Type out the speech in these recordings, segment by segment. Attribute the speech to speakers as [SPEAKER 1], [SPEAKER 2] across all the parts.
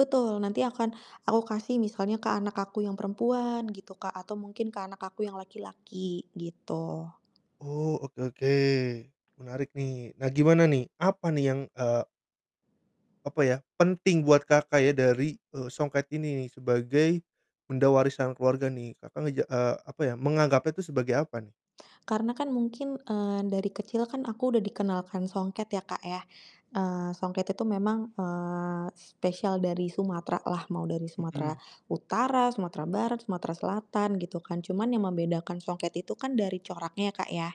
[SPEAKER 1] Betul, nanti akan aku kasih misalnya ke anak aku yang perempuan, gitu, Kak, atau mungkin ke anak aku yang laki-laki, gitu.
[SPEAKER 2] Oh, oke oke, menarik nih. Nah, gimana nih, apa nih yang, eee apa ya, penting buat Kakak ya dari, eee, songket ini nih sebagai benda warisan keluarga nih. Kakak ngeja eee, apa ya, menganggapnya itu sebagai apa nih?
[SPEAKER 1] Karena kan mungkin, eee, dari kecil kan aku udah dikenalkan songket ya, Kak, ya. Eee, songket itu memang, eee, spesial dari Sumatera lah, mau dari Sumatera
[SPEAKER 2] Mhm.
[SPEAKER 1] Utara, Sumatera Barat, Sumatera Selatan, gitu kan. Cuman yang membedakan songket itu kan dari coraknya, ya, Kak, ya.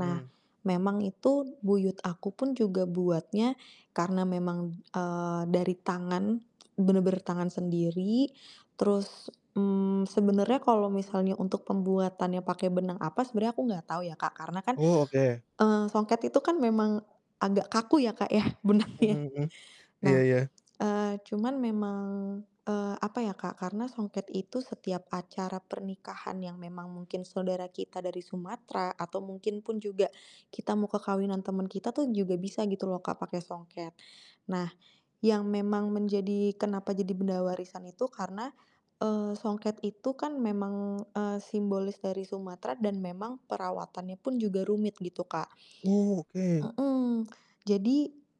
[SPEAKER 1] Nah,
[SPEAKER 2] Mhm.
[SPEAKER 1] memang itu buyut aku pun juga buatnya, karena memang, eee, dari tangan, bener-bener tangan sendiri, terus, mmm, sebenernya kalo misalnya untuk pembuatannya pakai benang apa sebenernya aku gak tau ya, Kak, karena kan,
[SPEAKER 2] Oh, oke.
[SPEAKER 1] eee, songket itu kan memang, agak kaku ya, Kak, ya
[SPEAKER 2] Mhm
[SPEAKER 1] benangnya.
[SPEAKER 2] mhm, iya
[SPEAKER 1] Nah,
[SPEAKER 2] iya.
[SPEAKER 1] eee, cuman memang, eee, apa, ya, Kak, karena songket itu setiap acara pernikahan yang memang mungkin saudara kita dari Sumatera atau mungkin pun juga, kita mau ke kawinan temen kita tuh, juga bisa gitu loh, Kak, pakai songket. Nah, yang memang menjadi kenapa jadi benda warisan itu karena, eee, songket itu kan memang, eee, simbolis dari Sumatera dan memang perawatannya pun juga rumit gitu, Kak.
[SPEAKER 2] Oh, oke.
[SPEAKER 1] Mhm, jadi,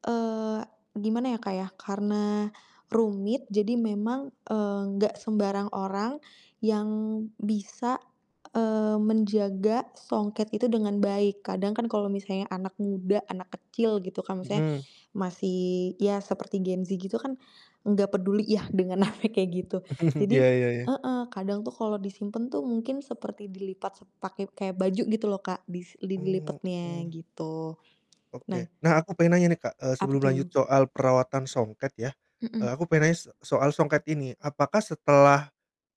[SPEAKER 1] eee, gimana ya, Kak, ya, karena rumit jadi memang, eee, gak sembarang orang yang bisa, eee, menjaga songket itu dengan baik, kadang kan kalau misalnya anak muda, anak kecil, gitu kan, misalnya,
[SPEAKER 2] Mhm.
[SPEAKER 1] masih ya seperti Gen Z gitu kan, gak peduli ya dengan hal yang kayak gitu,
[SPEAKER 2] Iya
[SPEAKER 1] jadi
[SPEAKER 2] iya iya.
[SPEAKER 1] heeh, kadang tuh kalau disimpen tuh mungkin seperti dilipat se pakai kayak baju gitu loh, Kak, dis li
[SPEAKER 2] Oh.
[SPEAKER 1] dilipetnya,
[SPEAKER 2] Mhm.
[SPEAKER 1] gitu. Nah
[SPEAKER 2] Oke. Nah, aku pengen nanya nih, Kak, eee,
[SPEAKER 1] Apa
[SPEAKER 2] sebelum lanjut
[SPEAKER 1] tuh?
[SPEAKER 2] soal perawatan songket ya, eee, aku
[SPEAKER 1] Mhm.
[SPEAKER 2] pengen nanya se soal songket ini. Apakah setelah,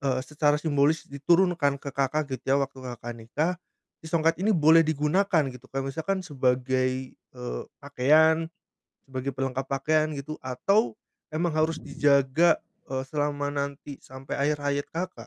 [SPEAKER 2] eee, secara simbolis diturunkan ke Kakak, gitu ya, waktu Kakak nikah, si songket ini boleh digunakan, gitu? Kayak misalkan sebagai, eee, pakaian, sebagai pelengkap pakaian, gitu, atau memang harus dijaga, eee, selama nanti sampai akhir hayat Kakak?